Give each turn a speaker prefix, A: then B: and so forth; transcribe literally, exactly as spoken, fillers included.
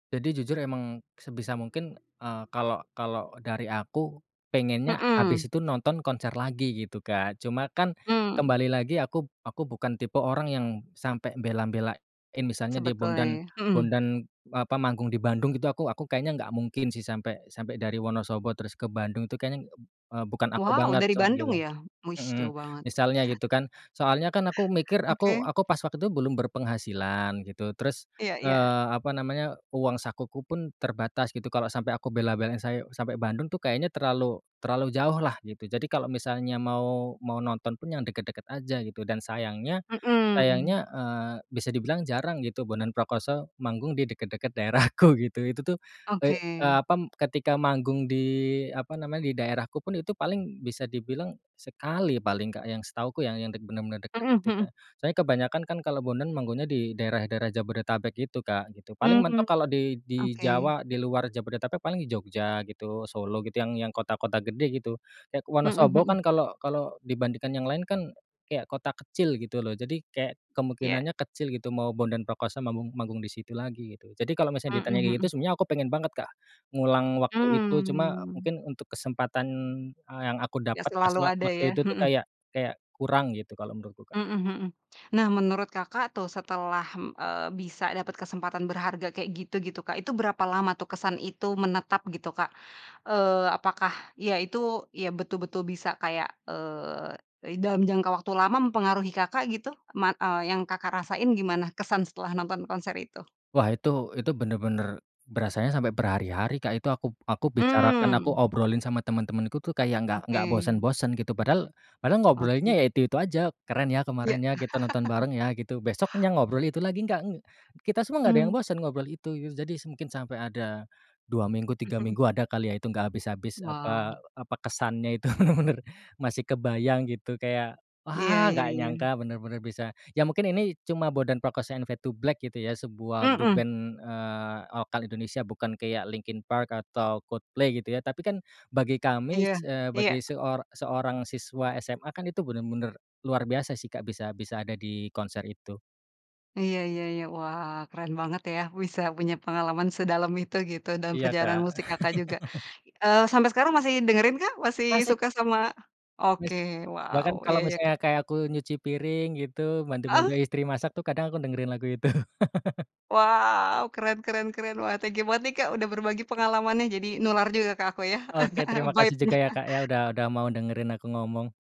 A: Jadi jujur, emang sebisa mungkin, eee, kalau kalau dari aku pengennya
B: Mhm.
A: habis itu nonton konser lagi gitu Kak, cuma kan
B: Mmm.
A: kembali lagi aku aku bukan tipe orang yang sampai bela-belain, misalnya dia
B: Sebetulnya ya.
A: Bondan
B: Mhm.
A: Bondan, apa, manggung di Bandung gitu aku aku kayaknya nggak mungkin sih sampai sampai dari Wonosobo terus ke Bandung tuh kayaknya ng b eee, bukan aku
B: Wow
A: banget
B: dari
A: soal gitu.
B: Bandung ya? Wis
A: Mhm,
B: jauh banget.
A: misalnya gitu kan, soalnya kan aku mikir,
B: Oke.
A: aku aku, pas waktu itu belum berpenghasilan gitu, terus,
B: Iya iya.
A: eee, apa namanya, uang sakuku pun terbatas gitu, kalau sampai aku bela-belain saye sampai Bandung tuh kayaknya terlalu terlalu jauh lah gitu. Jadi kalau misalnya mau mau, nonton pun yang deket-deket aja gitu. Dan sayangnya
B: Mhm.
A: sayangnya, eee, bisa dibilang jarang gitu Bondan Prakoso manggung di deket-deket daerahku gitu, itu tuh, eee
B: Oke.
A: eee, apam, ketika manggung di apa namanya, di daerahku pun itu paling bisa dibilang sekali paling Kak, yang setahuku yah yang dek bener-bener deket
B: Mhm
A: gitu,
B: mhm.
A: Kak. Soalnya kebanyakan kan kalau Bondan manggunya di daerah-daerah Jabodetabek gitu kak, gitu. Paling
B: Hmm.
A: mentok kalau di di
B: Oke.
A: Jawa, di luar Jabodetabek paling Jogja gitu, Solo gitu, yang yang kota-kota gede gitu, kayak
B: Mhm
A: Wonosobo
B: mhm.
A: kan kalau kalau dibandingkan yang lain kan kayak kota kecil gitu loh, jadi kayak
B: Ya.
A: kemungkinannya kecil gitu. Mau Bondan Prakoso manggung manggung di situ lagi gitu. Jadi kalau misalnya
B: Mhm
A: ditanya kayak
B: mhm.
A: gitu, sebenernya aku pengen banget Kak ngulang waktu itu, cuma
B: Mmm.
A: mungkin untuk kesempatan, eee, yang aku
B: Ya
A: dapet
B: selalu
A: kaswa
B: ada
A: waktu
B: ya.
A: itu tuh
B: Mhm.
A: kayak kayak kurang gitu, kalau menurutku, Kak.
B: Mhm mhm. Nah, menurut Kakak tuh setelah, mmm, eee, bisa dapet kesempatan berharga kayak gitu-gitu Kak, itu berapa lama tuh kesan itu menetap gitu, Kak? Eee, apakah ya itu, ya betul-betul bisa kayak, eee, dalam jangka waktu lama mempengaruhi Kakak gitu? Man eee, yang Kakak rasain gimana kesan setelah nonton konser itu?
A: Wah itu itu bener-bener berasanya sampai berhari-hari Kak itu, aku aku bicarakan, aku
B: Mmm.
A: obrolin sama teman-temanku tuh kayak nggak nggak
B: Oke.
A: bosen-bosen gitu, padahal padahal ngobrolnya
B: Oke.
A: ya itu-itu aja, "Keren ya,
B: Ya.
A: kemarin ya, kita nonton bareng ya," gitu. Besoknya ngobrol itu lagi gak, ng kita semua gak ada yang
B: Mmm.
A: bosen ngobrol itu, gitu. Jadi s mungkin sampai ada dua minggu, tiga
B: Mhm.
A: minggu ada kali ya itu gak habis-habis, apa
B: Wow.
A: apa kesannya itu bener-bener masih kebayang gitu, kayak
B: Iya
A: wah
B: iya
A: gak
B: iya.
A: nyangka bener-bener bisa. Ya mungkin ini cuma Bondan Prakoso and Fade2Black gitu ya. Sebuah grup
B: Mhm.
A: band, eee, lokal Indonesia, bukan kayak Linkin Park atau Coldplay gitu ya, tapi kan bagi kami,
B: Iya.
A: s c eee,
B: Iya
A: bagi seor seorang siswa SMA kan itu bener-bener luar biasa sih Kak, bisa bisa ada di konser itu
B: Iya Iya iya. Wah keren banget ya bisa punya pengalaman sedalam itu, gitu, dan
A: Iya
B: perjalanan
A: Kak.
B: musik Kakak juga. Eee, sampai sekarang masih dengerin kah? Masih
A: Masih,
B: suka
A: Kak.
B: sama oke.
A: Masih.
B: Wow,
A: Bahkan kalau
B: iya iya k
A: misalnya kayak aku nyuci piring gitu, bantu-bantu
B: Heeh.
A: istri masak tuh kadang aku dengerin lagu itu.
B: Wow! Keren keren keren. Wah thank you banget nih Kak udah berbagi pengalamannya, jadi nular juga ke aku ya,
A: Oke, terima kasih
B: baitnya.
A: juga ya Kak, ya, udah udah mau dengerin aku ngomong.